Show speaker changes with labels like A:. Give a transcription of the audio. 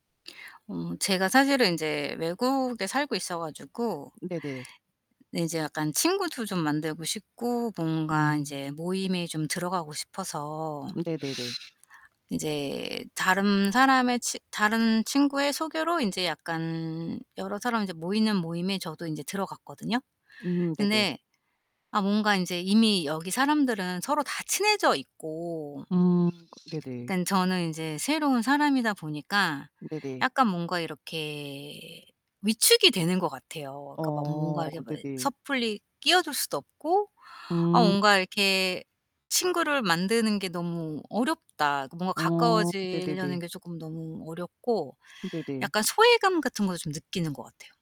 A: 어 제가 사실은 인제 외국에 살고 있어 가지고
B: 네네네.
A: 근데 인제 약간 친구도 좀 만들고 싶고 뭔가
B: 음.
A: 인제 모임에 좀 들어가고 싶어서
B: 으 네네네.
A: 인제 다른 사람의 친 다른 친구의 소개로 인제 약간 여러 사람 이제 모이는 모임에 저도 인제 들어갔거든요.
B: 음 네네.
A: 근데 아 뭔가 인제 이미 여기 사람들은 서로 다 친해져 있고
B: 음 네네.
A: 약간 저는 인제 새로운 사람이다 보니까
B: 네네.
A: 약간 뭔가 이렇게 위축이 되는 것 같아요. 그러니까 막
B: 어
A: 뭔가 이렇게 뭐
B: 네네.
A: 섣불리 끼어들 수도 없고 아
B: 음.
A: 뭔가 이렇게 친구를 만드는 게 너무 어렵다. 뭔가
B: 어
A: 가까워지려는
B: 네네네.
A: 게 쪼끔 너무 어렵고
B: 네네.
A: 약간 소외감 같은 걸 좀 느끼는 것 같아요.